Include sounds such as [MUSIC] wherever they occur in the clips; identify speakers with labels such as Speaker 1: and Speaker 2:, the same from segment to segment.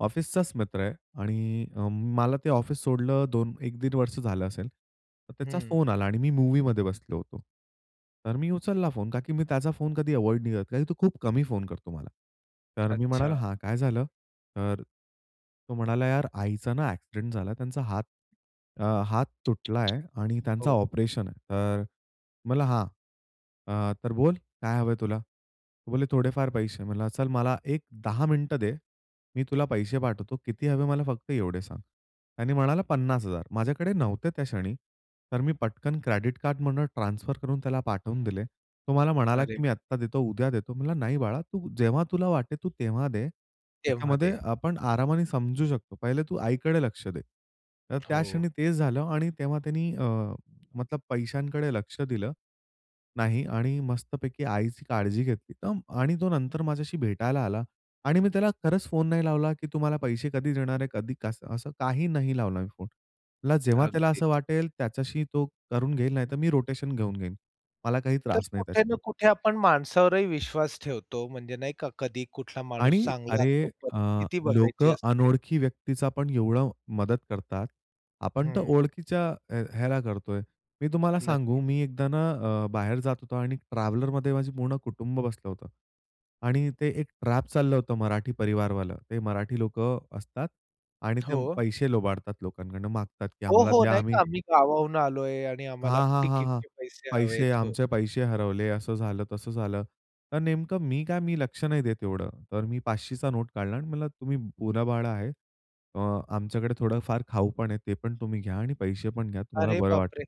Speaker 1: ऑफिसचाच मित्र आहे आणि अ, मला ते ऑफिस सोडलं 2 1 दीड वर्ष झालं असेल, तर त्याचा
Speaker 2: हं.
Speaker 1: फोन आला आणि मी मूव्हीमध्ये बसलो होतो, तर मी उचलला फोन कारण की मी त्याचा फोन कधी अव्हॉइड नाही करत कारण तो खूप कमी फोन करतो मला. तर मी म्हणाला
Speaker 2: अच्छा.
Speaker 1: "हां, काय झालं?" तर तो म्हणाला "यार आईचा ना, अ‍ॅक्सिडेंट झाला. त्यांचा हात अ, हात तुटलाय आणि
Speaker 2: [TSK]
Speaker 1: त्यांचा
Speaker 2: हो.
Speaker 1: ऑपरेशन आहे," तर म्हणलं हां, अ, "तर बोल काय हवंय तुला?" तो बोलेले "थोडेफार पैसे." म्हणलं चल मला एक 10 मिनिटं दे. मी तुला पैसे पाठवतो किती हवे मला फक्त एवढे सांग. त्याने म्हणाला 50,000 माझ्याकडे नव्हते त्या क्षणी तर मी पटकन क्रेडिट कार्डमधून ट्रान्सफर करून त्याला पाठवून दिले. तो मला म्हणाला,
Speaker 2: अरे!
Speaker 1: की मी आत्ता देतो, उद्या देतो. म्हणला नाही बाळा, तू जेव्हा तुला वाटेल तू तेव्हा दे.
Speaker 2: तेव्हा
Speaker 1: त्याच्यामध्ये
Speaker 2: दे.
Speaker 1: आपण आरामाने समजू शकतो. पहिले तू आईकडे लक्ष दे. तर त्या
Speaker 2: हो.
Speaker 1: क्षणी तेच झालं आणि तेव्हा त्यानी अ, मतलब पैशांकडे लक्ष दिलं नाही आणि मस्तपैकी आईची काळजी घेतली आणि तो नंतर माझ्याशी भेटायला आला आणि मी त्याला खरंच फोन नाही लावला, की तू मला पैसे कधी देणार आहे, कधी कसं, असं काही नाही लावला मी फोन. म्हटलं जेव्हा त्याला असं
Speaker 2: अगदीच.
Speaker 1: वाटेल त्याच्याशी तो करून घेईल, नाहीतर मी रोटेशन घेऊन घेईन मला काही
Speaker 2: तर
Speaker 1: त्रास नाही
Speaker 2: कुठे ना
Speaker 1: त्याच्यामध्ये.
Speaker 2: कुठे आपण माणसावरही विश्वास ठेवतो म्हणजे नाही का कधी कुठला माणूस
Speaker 1: आणि
Speaker 2: चांगला असतो.
Speaker 1: अरे, अ,
Speaker 2: परिस्थिती बघायची
Speaker 1: लोकं
Speaker 2: असते.
Speaker 1: अनोळखी व्यक्तीचा पण एवढं मदत करतात आपण तर
Speaker 2: हं.
Speaker 1: ओळखीच्या ह्या ह्याला करतोय. मी तुम्हाला सांगू,
Speaker 2: नक्की.
Speaker 1: मी एकदा ना, अ, बाहेर जात होतो आणि ट्रॅव्हलरमध्ये माझं पूर्ण कुटुंब बसलं होतं आणि ते एक ट्रॅप चाललं होतं मराठी परिवारवालं. ते मराठी लोकं असतात आणि ते
Speaker 2: हो.
Speaker 1: पैसे लुबाडतात लोकांकडनं मागतात की
Speaker 2: हो,
Speaker 1: आम्हाला
Speaker 2: हो.
Speaker 1: द्या
Speaker 2: नाही का
Speaker 1: आम्ही
Speaker 2: आम्ही गावाहून आलोय आणि आम्हाला
Speaker 1: हां, हां, हां, हां.
Speaker 2: तिकीटचे पैसे हवे
Speaker 1: पैसे
Speaker 2: आहेत. हो.
Speaker 1: आमचे पैसे हरवले, असं झालं, तसं झालं. तर नेमकं मी काय मी लक्ष नाही देत एवढं. तर मी 5,00चा नोट काढला आणि म्हटलं तुम्ही पोरं-बाळं आहे. अ, आमच्याकडे थोडं फार खाऊ पण आहे ते पण तुम्ही घ्या आणि पैसे पण घ्या तुम्हाला
Speaker 2: अरे
Speaker 1: बरं वाटेल.
Speaker 2: बापरे!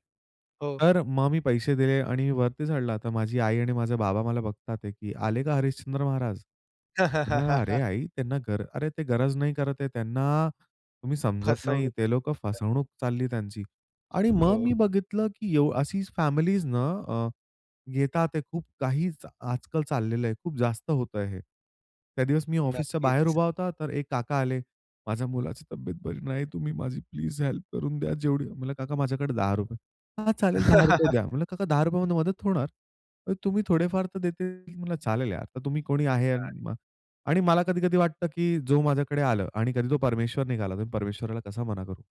Speaker 2: हो.
Speaker 1: तर मग मी पैसे दिले आणि वरती चढला तर माझी आई आणि माझे बाबा मला बघतात की आले का हरिश्चंद्र महाराज. म्हटलं अरे
Speaker 2: [CHUCKLES]
Speaker 1: आई त्यांना गर अरे, ते गरज नाही करत आहे. त्यांना तुम्ही समजत नाही
Speaker 2: फसवणूक
Speaker 1: ते लोकं
Speaker 2: करतात.
Speaker 1: फसवणूक चालली त्यांची. आणि मग
Speaker 2: हो.
Speaker 1: मी बघितलं की एव्ह अशी फॅमिलीज ना, अ, येतात आहे, ते खूप काही चा आजकाल चाललेलं आहे. खूप जास्त होतंय हे. त्या दिवस मी ऑफिसच्या बाहेर
Speaker 2: नक्कीच.
Speaker 1: उभा होता तर एक काका आले. माझ्या मुलाची तब्येत बरी नाही. तुम्ही माझी प्लीज हेल्प करून द्या जेवढी, म्हणलं काका माझ्याकडे ₹10 हां, चालेल ₹10 द्या.
Speaker 2: [CHUCKLES]
Speaker 1: म्हणलं काका ₹10मध्ये मदत होणार, मग तुम्ही थोडेफार तर देतील. म्हणलं चालेल यार, तर तुम्ही कोणी आहे
Speaker 2: [UNINTELLIGIBLE]
Speaker 1: आणि मला कधी-कधी वाटतं की जो माझ्याकडे आलं आणि कधी तो परमेश्वर निघाला तर परमेश्वराला कसा मना करू?